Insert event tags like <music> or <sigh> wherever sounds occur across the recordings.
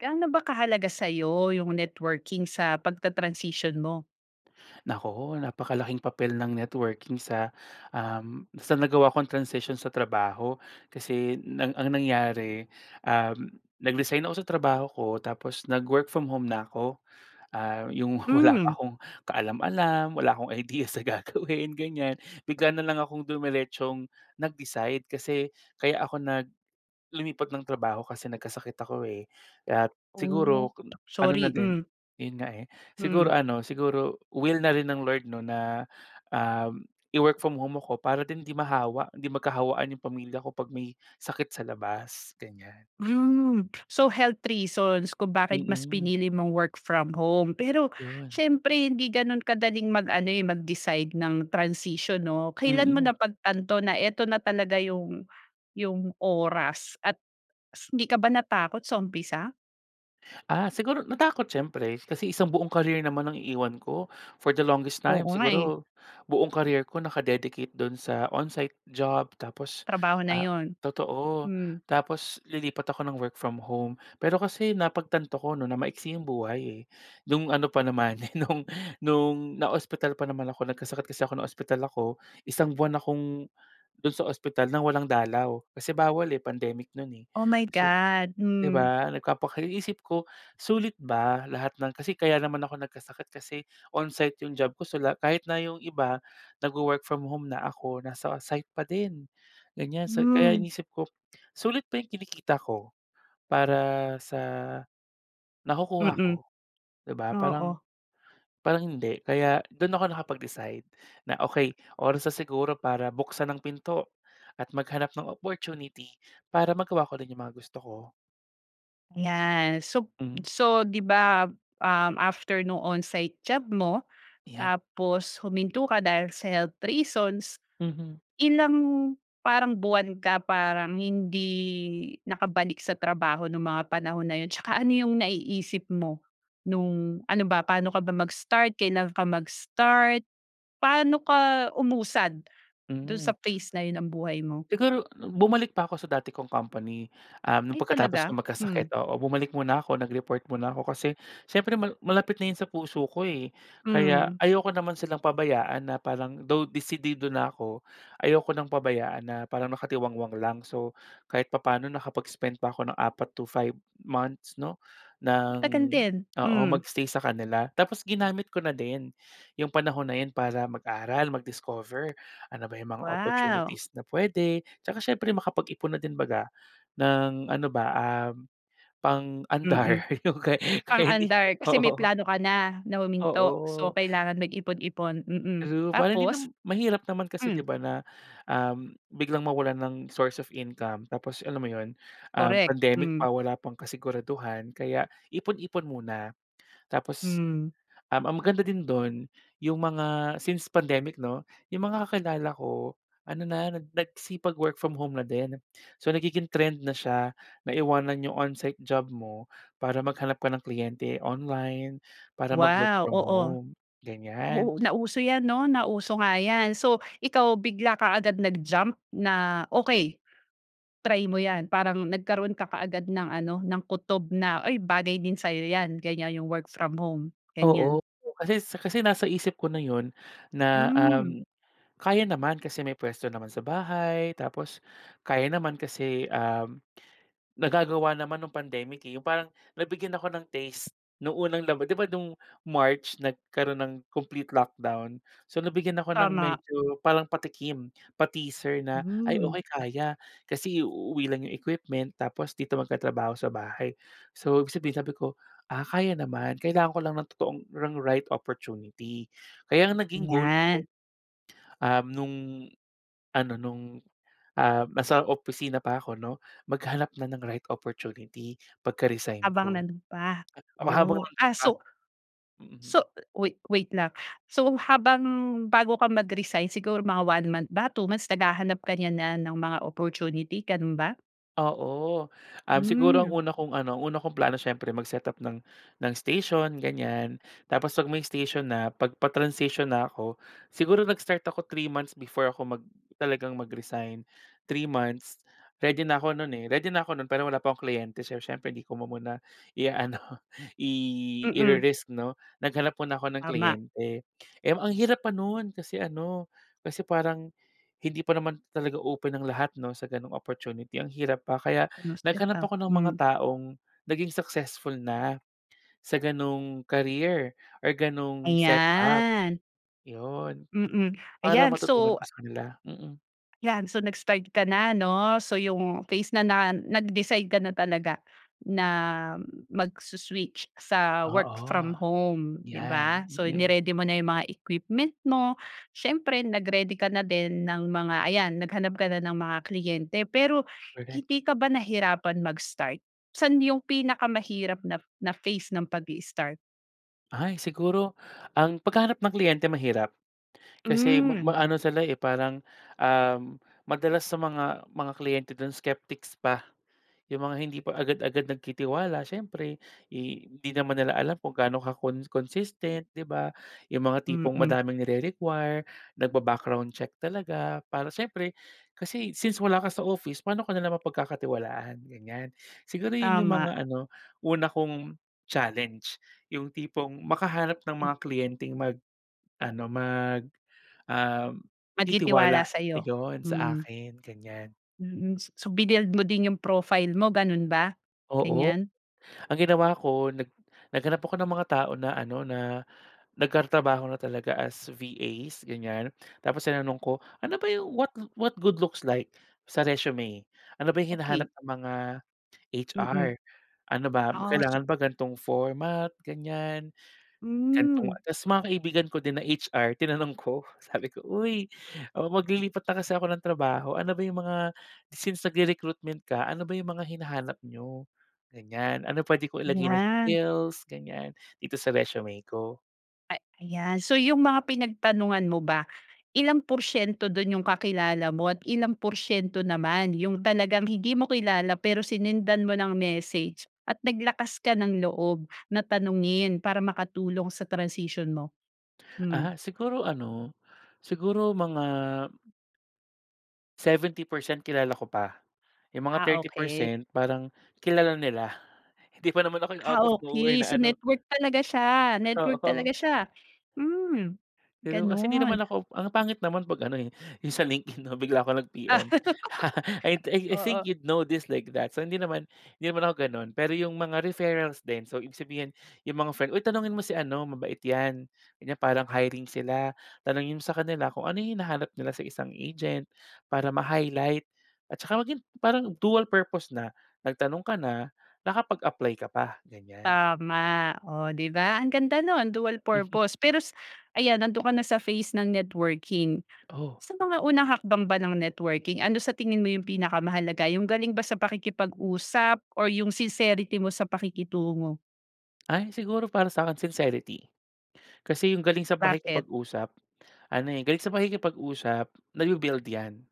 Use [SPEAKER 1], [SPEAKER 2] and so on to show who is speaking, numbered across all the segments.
[SPEAKER 1] Gano ba kahalaga sa'yo yung networking sa pagta-transisyon mo?
[SPEAKER 2] Naku, napakalaking papel ng networking sa, um, sa nagawa kong transisyon sa trabaho. Kasi, nang ang nangyari, um, nag-resign ako sa trabaho ko, tapos nag-work from home na ako. Ah, yung wala pa
[SPEAKER 1] Hmm.
[SPEAKER 2] akong kaalam-alam. Wala akong idea sa gagawin, ganyan. Bigla na lang akong dumeretsong nag-decide. Kasi, kaya ako nag lumipat ng trabaho kasi nagkasakit ako eh. At,
[SPEAKER 1] Oh,
[SPEAKER 2] siguro ano na
[SPEAKER 1] sorry!
[SPEAKER 2] din
[SPEAKER 1] Hmm.
[SPEAKER 2] yun nga eh. Siguro
[SPEAKER 1] Hmm.
[SPEAKER 2] ano, siguro will na rin ng Lord 'no na, um, i-work from home ako para din 'di mahawa, 'di magkahawaan yung pamilya ko, 'pag may sakit sa labas, ganyan.
[SPEAKER 1] Hmm. So, health reasons kung bakit mas
[SPEAKER 2] Mm.
[SPEAKER 1] pinili mong work from home. Pero
[SPEAKER 2] Yun.
[SPEAKER 1] siyempre, hindi ganun kadaling mag-ano eh, mag-decide ng transisyon 'no. Kailan mo
[SPEAKER 2] Mm.
[SPEAKER 1] napagtanto na eto na talaga yung yung oras, at hindi ka ba natakot sa umpisa?
[SPEAKER 2] Ah, siguro natakot siyempre. Kasi isang buong career naman ang iiwan ko. For the longest time
[SPEAKER 1] Oo nga eh.
[SPEAKER 2] siguro, buong career ko naka-dedicate do'n sa on-site job tapos
[SPEAKER 1] Trabaho na
[SPEAKER 2] ah
[SPEAKER 1] 'yon,
[SPEAKER 2] totoo.
[SPEAKER 1] hmm.
[SPEAKER 2] Tapos lilipat ako ng work from home. Pero kasi napagtanto ko 'no, na maiksi yung buhay eh. No'ng ano pa naman, no'ng no'ng naospital pa naman ako. Nagkasakit kasi ako, naospital ako, isang buwan akong do'n sa ospital ng walang dalaw. Kasi bawal eh, pandemic no'n eh.
[SPEAKER 1] Oh my
[SPEAKER 2] So,
[SPEAKER 1] god!
[SPEAKER 2] di
[SPEAKER 1] Hmm.
[SPEAKER 2] ba? Nagpapaka iniisip ko, sulit ba lahat ng kasi kaya naman ako nagkasakit kasi on-site yung job ko. So, lahat kahit na yung iba nagwo-work from home na, ako nasa site pa din, ganyan. So, kaya
[SPEAKER 1] Hmm.
[SPEAKER 2] iniisip ko, sulit ba yung kinikita ko para sa nakukuha
[SPEAKER 1] Mm,
[SPEAKER 2] ko, di ba?
[SPEAKER 1] oo.
[SPEAKER 2] Parang parang hindi. Kaya dun ako nakapag-decide na okey, oras na siguro para buksan ang pinto at maghanap ng opportunity para magawa ko rin yung mga gusto ko.
[SPEAKER 1] Ayan, sop
[SPEAKER 2] Mm.
[SPEAKER 1] so, 'di ba, um, after nung on-site job mo,
[SPEAKER 2] 'Yan.
[SPEAKER 1] tapos huminto ka dahil sa health reasons,
[SPEAKER 2] Mhm.
[SPEAKER 1] ilang parang buwan ka parang hindi nakabalik sa trabaho nung mga panahon na 'yon? Tsaka ano yung naiisip mo, nung ano ba, paano ka ba mag-start, kailan ka mag-start? Paano ka umusad do'n sa
[SPEAKER 2] Mm.
[SPEAKER 1] phase na yun ng buhay mo?
[SPEAKER 2] Siguro bumalik pa ako sa dati kong company, um, no'ng
[SPEAKER 1] Ay
[SPEAKER 2] pagkatapos
[SPEAKER 1] talaga?
[SPEAKER 2] kong
[SPEAKER 1] Hmm.
[SPEAKER 2] magkasakit, oo. Bumalik muna ako, nag-report muna ako kasi siyempre mal malapit na 'yon sa puso ko eh. Kaya
[SPEAKER 1] Hmm.
[SPEAKER 2] ayoko naman silang pabayaan na parang though desidido na ako, ayoko ng pabayaan na parang nakatiwangwang lang. So, kahit papaano nakapag-spent pa ako ng 4 to 5 months 'no, ng
[SPEAKER 1] Matagal din,
[SPEAKER 2] oo,
[SPEAKER 1] hmm.
[SPEAKER 2] mag-stay sa kanila. Tapos ginamit ko na din, yung panahon na yun para mag-aral, mag-discover. Ano ba yung mga
[SPEAKER 1] Wow!
[SPEAKER 2] opportunities na puwede, tsaka siyempre makapag-ipon na din 'baga, ng ano ba, ah,
[SPEAKER 1] Mm,
[SPEAKER 2] pang-andar yung kay kaya hindi,
[SPEAKER 1] pang-andar. Kasi may
[SPEAKER 2] oo.
[SPEAKER 1] plano ka na, na huminto, so
[SPEAKER 2] Oo.
[SPEAKER 1] kailangan mag-ipon-ipon, mm
[SPEAKER 2] True. Para hindi
[SPEAKER 1] tapos?
[SPEAKER 2] nam mahirap naman kasi
[SPEAKER 1] Hmm.
[SPEAKER 2] 'di ba na, um, biglang mawalan ng source of income tapos alam mo 'yon, um,
[SPEAKER 1] Correct,
[SPEAKER 2] pandemic
[SPEAKER 1] hmm.
[SPEAKER 2] pa, wala pang kasiguraduhan kaya ipon-ipon muna. Tapos,
[SPEAKER 1] Hmm.
[SPEAKER 2] um, ang maganda din do'n yung mga since pandemic 'no, yung mga kakilala ko ano na, nag nagsipag-work from home na din. So, nagiging trend na siya, na iwanan yung on-site job mo para maghanap ka ng kliyente online, para mag-work
[SPEAKER 1] Wow!
[SPEAKER 2] from
[SPEAKER 1] Oo.
[SPEAKER 2] home, ganyan.
[SPEAKER 1] Oo, nauso 'yan 'no, nauso nga 'yan. So, ikaw bigla ka agad nag-jump na," Okey, try mo yan". Parang nagkaroon ka kaagad ng ano, ng kutob na, "Uy, bagay din sayo 'yan", ganyan. Yung work from home,
[SPEAKER 2] Oo.
[SPEAKER 1] ganyan.
[SPEAKER 2] Kasi s kasi nasa isip ko na 'yon na,
[SPEAKER 1] Hmm.
[SPEAKER 2] um, kaya naman kasi may puwesto naman sa bahay, tapos kaya naman kasi, um, nagagawa naman nung pandemic eh. Yung parang nabigyan ako ng taste nung unang laba di ba, noong March nagkaroon ng complete lockdown. So, nabigyan ako ng
[SPEAKER 1] Tama.
[SPEAKER 2] medyo parang patikim, pa-teaser na, "Ay
[SPEAKER 1] Hmm.
[SPEAKER 2] okey, kaya." Kasi iuuwi lang yung equipment tapos dito magtatrabaho sa bahay. So, ibig sabihin, sabi ko, "Ah, kaya naman. Kailangan ko lang ng totoong ng right opportunity." Kaya ang naging goal
[SPEAKER 1] 'Yan.
[SPEAKER 2] ko, um, nung ano nung, ah, nasa opisina pa ako 'no, maghanap na ng right opportunity pagka-resign
[SPEAKER 1] Habang
[SPEAKER 2] ko.
[SPEAKER 1] nando'n pa.
[SPEAKER 2] Ah, habang
[SPEAKER 1] Oh,
[SPEAKER 2] nando'n
[SPEAKER 1] ah,
[SPEAKER 2] pa,
[SPEAKER 1] so
[SPEAKER 2] mm.
[SPEAKER 1] so, wait wait lang. So, habang bago ka mag-resign siguro mga 1 month ba, 2 months, naghahanap ka niya na ng mga opportunity ganun ba?
[SPEAKER 2] Oo. Um, siguro ang
[SPEAKER 1] Hmm.
[SPEAKER 2] una kong ano, ang una kong plano siyempre mag-setup ng ng station, ganyan. Tapos 'pag may station na, 'pag pa-transition na ako siguro nag-start ako, 3 months before ako mag talagang mag-resign. 3 months, ready na ako no'n eh, ready na ako no'n, pero wala pa akong kliyente. So, siyempre hindi ko muna ia-ano, i
[SPEAKER 1] Mm.
[SPEAKER 2] i-re-risk 'no, naghanap muna ako ng
[SPEAKER 1] Tama.
[SPEAKER 2] kliyente. Eh, ang hirap pa no'n kasi ano, kasi parang hindi pa naman talaga open ang lahat 'no, sa gano'ng opportunity. Ang hirap pa. Kaya naghanap
[SPEAKER 1] <unintelligible>
[SPEAKER 2] ako ng mga
[SPEAKER 1] Hmm.
[SPEAKER 2] taong naging successful na sa gano'ng career or gano'ng setup,
[SPEAKER 1] Ayan.
[SPEAKER 2] yun.
[SPEAKER 1] Mm,
[SPEAKER 2] Para
[SPEAKER 1] ayan.
[SPEAKER 2] matutunan
[SPEAKER 1] So
[SPEAKER 2] ko sa kanila, mm.
[SPEAKER 1] 'yan. So, nag-start ka na 'no. So, yung phase na na nag-decide ka na talaga na magso-switch sa work
[SPEAKER 2] Oo,
[SPEAKER 1] from home, 'di
[SPEAKER 2] yan,
[SPEAKER 1] ba. So,
[SPEAKER 2] mm.
[SPEAKER 1] ni-ready mo na yung mga equipment mo. Siyempre nag-ready ka na din ng mga ayan, naghanap ka na ng mga kliyente. Pero,
[SPEAKER 2] Correct.
[SPEAKER 1] hindi ka ba nahirapan mag-start? Saan yung pinakamahirap na na phase ng pagi-start?
[SPEAKER 2] Ay, siguro ang paghahanap ng kliyente mahirap. Kasi ma
[SPEAKER 1] Hmm.
[SPEAKER 2] maano sila eh, parang, um, madalas sa mga mga kliyente dun skeptics pa, yung mga hindi pa agad-agad nagtitiwala siyempre eh, hindi naman nila alam kung gaano ka con consistent, 'di ba? Yung mga tipong
[SPEAKER 1] Mm.
[SPEAKER 2] madaming nire-require nagba-background check talaga para siyempre, kasi since wala ka sa office, paano ka nila mapagkakatiwalaan? Ganyan, siguro yun yung
[SPEAKER 1] Tama.
[SPEAKER 2] mga ano una kong challenge yung tipong makahanap ng
[SPEAKER 1] Ib
[SPEAKER 2] mga kliyenteng mag ano mag, um,
[SPEAKER 1] Magtitiwala
[SPEAKER 2] titiwala,
[SPEAKER 1] sa'yo.
[SPEAKER 2] ayon, sa
[SPEAKER 1] Hmm.
[SPEAKER 2] akin, ganyan.
[SPEAKER 1] Mm, s so binuild mo din 'yong profile mo ganun ba,
[SPEAKER 2] Oo
[SPEAKER 1] ganyan?
[SPEAKER 2] ang ginawa ko nag naghanap ako ng mga tao na ano na nagtatrabaho na talaga as VAs ganyan. Tapos tinanong ko, "Ano ba 'yong what what good looks like sa resume?" Ano ba 'yong hinahanap
[SPEAKER 1] Okey.
[SPEAKER 2] ng mga
[SPEAKER 1] Mm.
[SPEAKER 2] HR? Ano ba
[SPEAKER 1] Ah so
[SPEAKER 2] kailangan ba ganong format, ganyan. Gantong
[SPEAKER 1] Hmm.
[SPEAKER 2] tas mga kaibigan ko din na HR tinanong ko sabi ko, "Uy, o maglilipat na kasi ako ng trabaho ano ba 'yong mga since nagre-recruitment ka ano ba 'yong mga hinahanap n'yo? Ganyan, ano pwede ko ilagay na
[SPEAKER 1] Yan.
[SPEAKER 2] skills," ganyan, "dito sa resume ko?"
[SPEAKER 1] Ay ayan, so 'yong mga pinagtanungan mo ba, ilang porsiyento dun 'yong kakilala mo at ilang porsiyento naman 'yong talagang hindi mo kilala pero sinendan mo ng message at naglakas ka ng loob na tanungin para makatulong sa transisyon mo? Hmm.
[SPEAKER 2] Ah. Siguro ano, siguro mga 70% kilala ko pa, yung mga
[SPEAKER 1] Ah,
[SPEAKER 2] thirty
[SPEAKER 1] okey.
[SPEAKER 2] percent parang kilala nila hindi pa naman ako yung
[SPEAKER 1] Ah,
[SPEAKER 2] out of nowhere
[SPEAKER 1] okey.
[SPEAKER 2] na
[SPEAKER 1] So
[SPEAKER 2] ano
[SPEAKER 1] network talaga siya network talaga
[SPEAKER 2] Oo.
[SPEAKER 1] siya. Hmm,
[SPEAKER 2] Pero kasi hindi
[SPEAKER 1] ganun.
[SPEAKER 2] naman ako ang pangit naman pag ano, eh, dun sa LinkedIn, no, bigla ko
[SPEAKER 1] Ah.
[SPEAKER 2] nag-PM. <laughs> I
[SPEAKER 1] <laughs>
[SPEAKER 2] I think
[SPEAKER 1] Oo.
[SPEAKER 2] you'd know this like that so, hindi naman hindi naman ako ganun. Pero 'yong mga referrals din, so ibig sabihin yung mga friend, "Hoy tanungin mo si ano mabait 'yan, ganyan parang hiring sila. Tanungin mo sa kanila kung ano 'yong hinahanap nila sa isang agent," para ma-highlight at tsaka maging parang dual purpose na nagtanong ka na, nakapag-apply ka pa, ganyan.
[SPEAKER 1] Tama, oh, 'di ba, ang ganda nun dual
[SPEAKER 2] <chuckles>
[SPEAKER 1] purpose. Pero s ayan nandun ka na sa phase ng networking
[SPEAKER 2] Oh.
[SPEAKER 1] sa mga unang hakbang ba ng networking, ano sa tingin mo yung pinakamahalaga yung galing ba sa pakikipag-usap or yung sincerity mo sa pakikitungo?
[SPEAKER 2] Ay siguro para sa akin sincerity. Kasi yung galing sa
[SPEAKER 1] Bakit?
[SPEAKER 2] pakikipag-usap ano, eh, galing sa pakikipag-usap nabi-build 'yan.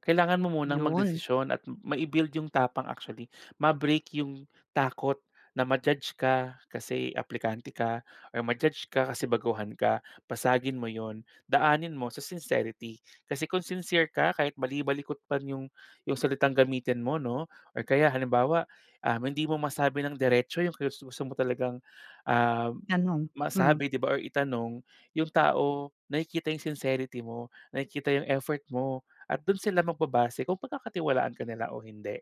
[SPEAKER 2] Kailangan mo munang
[SPEAKER 1] Yun.
[SPEAKER 2] magdesisyon at mai-build yung tapang actually, ma-break yung takot na ma-judge ka kasi aplikante ka or ma-judge ka kasi baguhan ka, basagin mo yun. Daanin mo sa sincerity kasi kung sincere ka kahit bali-balikot man yung yung salitang gamitin mo, 'no, or kaya halimbawa, ah, hindi mo masabi ng diretso yung gusto mo talagang, um,
[SPEAKER 1] Ganon, hmm.
[SPEAKER 2] masabi, di ba, or itanong yung tao nakikita yung sincerity mo, nakikita yung effort mo at dun sila magbabase kung pagkakatiwalaan ka nila o hindi.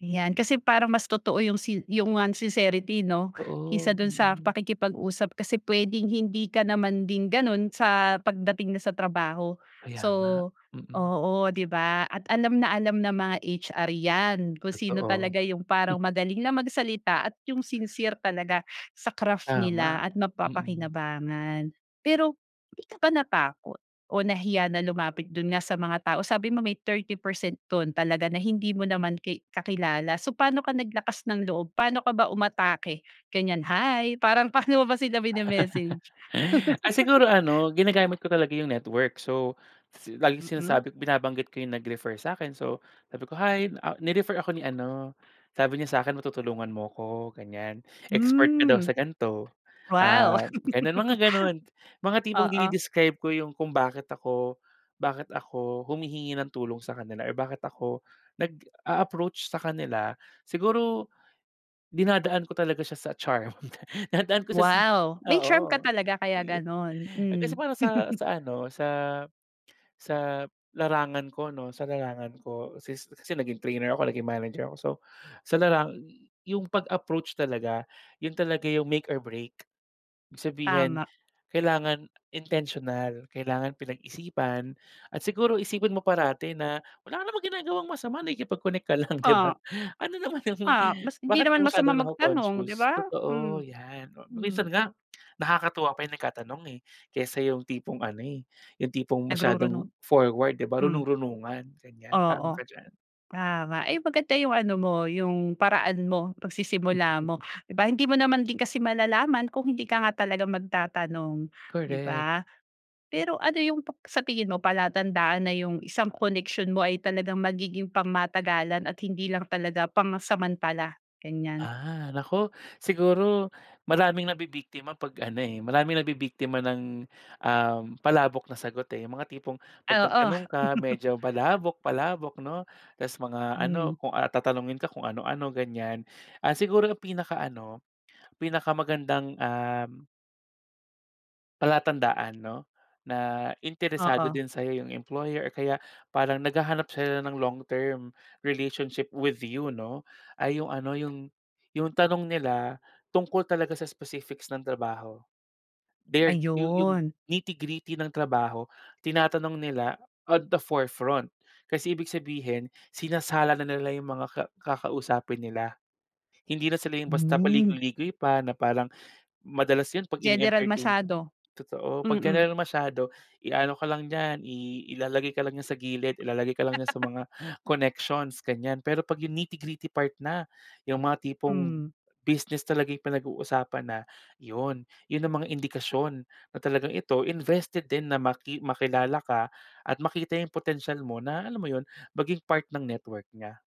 [SPEAKER 1] 'Yan kasi parang mas totoo 'yong sin 'yong ngang sincerity 'no? Kaysa
[SPEAKER 2] Oo.
[SPEAKER 1] do'n sa
[SPEAKER 2] Mm.
[SPEAKER 1] pakikipag-usap kasi puwedeng hindi ka naman din gano'n sa pagdating na sa trabaho.
[SPEAKER 2] Kaya
[SPEAKER 1] So
[SPEAKER 2] nga. Mm.
[SPEAKER 1] oo 'di ba at alam na alam ng mga HR 'yan. Kung sino
[SPEAKER 2] Totoo.
[SPEAKER 1] talaga' 'yong parang
[SPEAKER 2] Hmm.
[SPEAKER 1] magaling lang magsalita at yo'ng sincere talaga sa craft nila
[SPEAKER 2] Tama.
[SPEAKER 1] at
[SPEAKER 2] Mm.
[SPEAKER 1] mapapakinabangan. Pero hindi ka ba natakot o nahiya na lumapit do'n nga sa mga tao? Sabi mo may 30 percent do'n talaga na hindi mo naman ki kakilala. So, paano ka naglakas ng loob paano ka ba umatake ganyan? "Hi," parang paano mo ba sila mine-message?
[SPEAKER 2] Ah, siguro ano, ginagamit ko talaga 'yong network. So si laging
[SPEAKER 1] Mm.
[SPEAKER 2] sinasabi binabanggit ko 'yong nag-refer sa'kin so, sabi ko, "Hi, ah, ni-refer ako ni ano. Sabi niya sakin matutulungan mo 'ko, ganyan, expert ka daw
[SPEAKER 1] Hmm.
[SPEAKER 2] sa ganito."
[SPEAKER 1] Wow.
[SPEAKER 2] Ah, gano'n mga gano'n
[SPEAKER 1] <chuckles>
[SPEAKER 2] mga tipong
[SPEAKER 1] Oo.
[SPEAKER 2] dine-describe ko 'yong kung bakit ako bakit ako humihingi ng tulong sa kanila or bakit ako nag-a-approach sa kanila. Siguro dinadaan ko talaga siya sa charm <chuckles> dinadaan ko siya
[SPEAKER 1] Wow. May charm ka
[SPEAKER 2] oo.
[SPEAKER 1] talaga kaya
[SPEAKER 2] Yeh,
[SPEAKER 1] gano'n.
[SPEAKER 2] eh, kasi
[SPEAKER 1] Hmm.
[SPEAKER 2] para sa sa ano, sa sa larangan ko 'no sa larangan ko, since kasi naging trainer ako naging manager ako. So sa larangan 'yong pag-approach talaga 'yon talaga 'yong make or break. Ibig sabihin
[SPEAKER 1] Tama.
[SPEAKER 2] kailangan intentional. Kailangan pinag-isipan at siguro isipin mo parati na wala ka namang ginagawang masama nakikipag-connect ka lang, <chuckles> 'di ba?
[SPEAKER 1] Ah.
[SPEAKER 2] Ano naman 'yong
[SPEAKER 1] Ah.
[SPEAKER 2] <chuckles>
[SPEAKER 1] Mas hindi
[SPEAKER 2] bakit ka
[SPEAKER 1] naman masama
[SPEAKER 2] masyadong
[SPEAKER 1] magtanong, 'di
[SPEAKER 2] nako-conscious?
[SPEAKER 1] ba?
[SPEAKER 2] Totoo
[SPEAKER 1] Hmm.
[SPEAKER 2] yan.
[SPEAKER 1] Hmm.
[SPEAKER 2] Minsan nga nakakatuwa pa 'yong nagkatanong, eh, kaysa 'yong tipong ano, eh, 'yong tipong masyadong
[SPEAKER 1] Nagrurunong.
[SPEAKER 2] forward, 'di ba?
[SPEAKER 1] Hmm.
[SPEAKER 2] Runong runungan ganyan. Tama ka
[SPEAKER 1] Oo.
[SPEAKER 2] diyan.
[SPEAKER 1] Tama ay maganda 'yong ano mo yong paraan mo. Pagsisimula mo, 'di ba? Hindi mo naman din kasi malalaman kung hindi ka nga talaga magtatanong. 'Di
[SPEAKER 2] Correct.
[SPEAKER 1] ba? Pero ano 'yong pep sa tingin mo palatandaan na 'yong isang koneksyon mo ay talagang magiging pangmatagalan at hindi lang talaga pansamantala ganyan?
[SPEAKER 2] Ah. Naku siguro maraming nabibiktima 'pag ano, eh. Maraming nabibiktima ng, um, palabok na sagot, eh. Yung mga tipong 'pag
[SPEAKER 1] Oo.
[SPEAKER 2] nagtanong ka medyo palabok palabok, 'no? Tas mga ano
[SPEAKER 1] Hmm.
[SPEAKER 2] kung, ah, tatanungin ka kung ano ano, ganyan. Ah, siguro ang pinakaano pinakamagandang, um Palatandaan 'no, na interesado
[SPEAKER 1] Oo.
[SPEAKER 2] din sa'yo yung employer o kaya parang naghahanap sila ng long-term relationship with you, 'no. Ay yung ano, yung yung tanong nila tungkol talaga sa specifics ng trabaho. Their yu yung
[SPEAKER 1] Ayun.
[SPEAKER 2] nitty-gritty ng trabaho, tinatanong nila at the forefront. Kasi ibig sabihin, sinasala na nila yung mga ka kakausapin nila. Hindi na sila yung basta
[SPEAKER 1] Hmm.
[SPEAKER 2] paligoy-ligoy pa na parang, madalas yun 'pag
[SPEAKER 1] General
[SPEAKER 2] ini-entertain ka.
[SPEAKER 1] masyado.
[SPEAKER 2] Totoo, 'pag
[SPEAKER 1] Mm.
[SPEAKER 2] general masyado iano ka lang diyan, i ilalagay ka lang niya sa gilid. Ilalagay ka lang niya sa mga connections ganiyan, pero 'pag yung nitty-gritty part na, yung mga tipong
[SPEAKER 1] Hmm.
[SPEAKER 2] business talaga yung pinag-uusapan na, yun. Yun ang mga indikasyon na talagang ito, invested din na maki makilala ka at makita yung potensial mo, na alam mo yun, maging part ng network niya.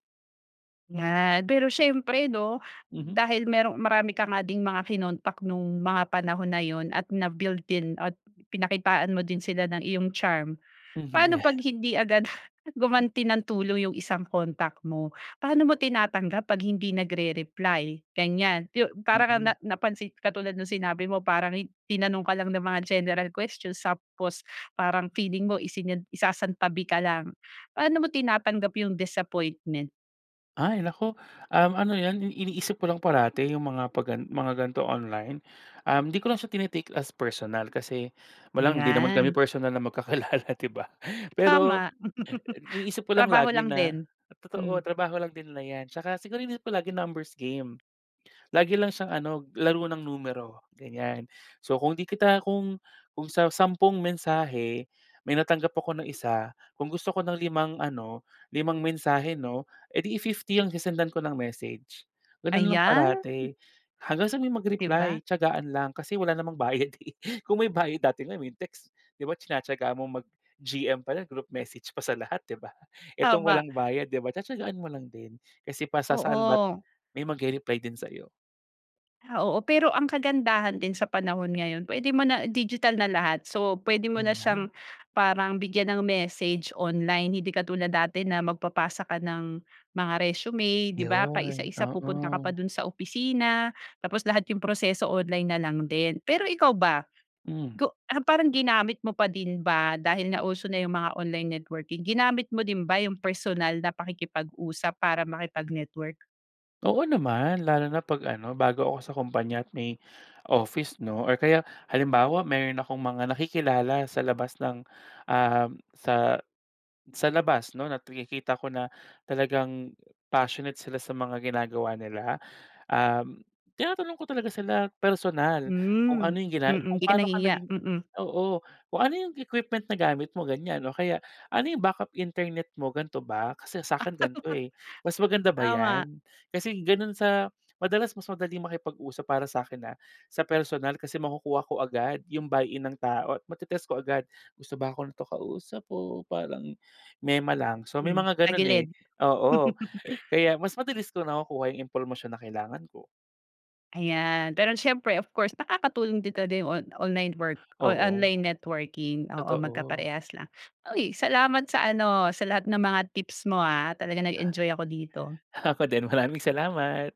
[SPEAKER 1] Yan, pero siyempre 'no,
[SPEAKER 2] Mhm.
[SPEAKER 1] dahil merong marami ka nga ding mga kinontak nung mga panahon na yun at na-build din at pinakitaan mo din sila ng iyong charm.
[SPEAKER 2] Mhm,
[SPEAKER 1] Paano
[SPEAKER 2] yeah.
[SPEAKER 1] 'pag hindi agad <chuckles> gumanti ng tulong yung isang kontak mo? Paano mo tinatanggap 'pag hindi nagre-reply ganiyan, yung para ka
[SPEAKER 2] Mhm.
[SPEAKER 1] ng napansin katulad ng sinabi mo, parang tinanong ka lang ng mga general questions tapos parang feeling mo isinan isasantabi ka lang. Paano mo tinatanggap yung disappointment?
[SPEAKER 2] Ay, naku, um, ano yan iniisip ko lang parati yung mga 'pag mga ganitong online. Um, 'di ko lang siya tini-take as personal kasi walang hindi naman kami
[SPEAKER 1] Ayan.
[SPEAKER 2] personal na magkakilala, 'di ba? Pero,
[SPEAKER 1] Tama. <laughs>
[SPEAKER 2] iniisip ko lang
[SPEAKER 1] Trabaho
[SPEAKER 2] lagi
[SPEAKER 1] lang
[SPEAKER 2] na
[SPEAKER 1] din.
[SPEAKER 2] totoo,
[SPEAKER 1] Hmm.
[SPEAKER 2] trabaho lang din na 'yan tsaka siguro iniisip ko lagi numbers game. Lagi lang siyang ano, laro ng numero, ganyan. So kung 'di kita kung kung sa sampung mensahe, may natanggap ako na isa, kung gusto ko ng limang ano, limang mensahe 'no, edi i 50 ang sesendan ko ng message. Gano'n lang
[SPEAKER 1] Ayan.
[SPEAKER 2] parati, hanggang sa may
[SPEAKER 1] 'Di
[SPEAKER 2] mag-reply,
[SPEAKER 1] ba?
[SPEAKER 2] tiyagaan lang. Kasi wala namang bayad eh. Kung may bayad, dati nga yung text 'di ba tinatiyagaan mo mag-GM pala, group message pa sa lahat, 'di ba? Itong
[SPEAKER 1] Tama.
[SPEAKER 2] walang bayad 'di ba, tatiyagaan mo lang din kasi pasasaan ba't
[SPEAKER 1] Oo.
[SPEAKER 2] may mag-rereply din sa 'yo.
[SPEAKER 1] Ah, oo. Pero ang kagandahan din sa panahon ngayon, puwede mo na digital na lahat. So, puwede mo na
[SPEAKER 2] Yun
[SPEAKER 1] siyang
[SPEAKER 2] nga.
[SPEAKER 1] parang bigyan ng message online. Hindi katulad dati na magpapasa ka ng mga resume, 'di ba? Pa isa
[SPEAKER 2] 'Yon,
[SPEAKER 1] isa, pupunta ka pa
[SPEAKER 2] oo.
[SPEAKER 1] dun sa opisina, tapos lahat yung proseso online na lang din. Pero ikaw ba?
[SPEAKER 2] Hmm.
[SPEAKER 1] Go parang ginamit mo pa din ba dahil nga uso na yung mga online networking, ginamit mo din ba yung personal na pakikipag-usap para makipag-network?
[SPEAKER 2] Oo naman, lalo na pag ano, bago ako sa kumpanya at may office 'no, or kaya halimbawa meron akong mga nakikilala sa labas ng, uhm, sa sa labas 'no, at nakikita ko na talagang passionate sila sa mga ginagawa nila, uhm, tinatanong ko talaga sila personal kung
[SPEAKER 1] Hmm,
[SPEAKER 2] ano yung
[SPEAKER 1] mm.
[SPEAKER 2] gina kung
[SPEAKER 1] Hindi ka
[SPEAKER 2] paano ka
[SPEAKER 1] nahihiya.
[SPEAKER 2] naging,
[SPEAKER 1] Mm.
[SPEAKER 2] oo, kung ano yung equipment na gamit mo ganyan, o kaya ano yung backup internet mo, gan'to ba, kasi sa'kin gan'to, eh, mas maganda ba
[SPEAKER 1] Tama.
[SPEAKER 2] 'yan? Kasi ganun sa madalas mas madaling makipag-usap, para sa'kin, ah, sa personal kasi makukuha ko agad yung buy-in ng tao at ma-te-test ko agad, "Gusto ba ako nito kausap o parang mema lang". So, may
[SPEAKER 1] Mhm,
[SPEAKER 2] mga ganun, eh,
[SPEAKER 1] tagilid.
[SPEAKER 2] oo, kaya mas mabilis ko nakukuha yung impormasyon na kailangan ko.
[SPEAKER 1] Ayan, pero siyempre, of course nakakatulong dito din on online work o
[SPEAKER 2] Oo,
[SPEAKER 1] online networking. Oo,
[SPEAKER 2] totoo.
[SPEAKER 1] magkaparehas lang. Uy, salamat sa ano sa lahat ng mga tips mo, ah, talagang nag-enjoy ako dito.
[SPEAKER 2] Ako din, maraming salamat.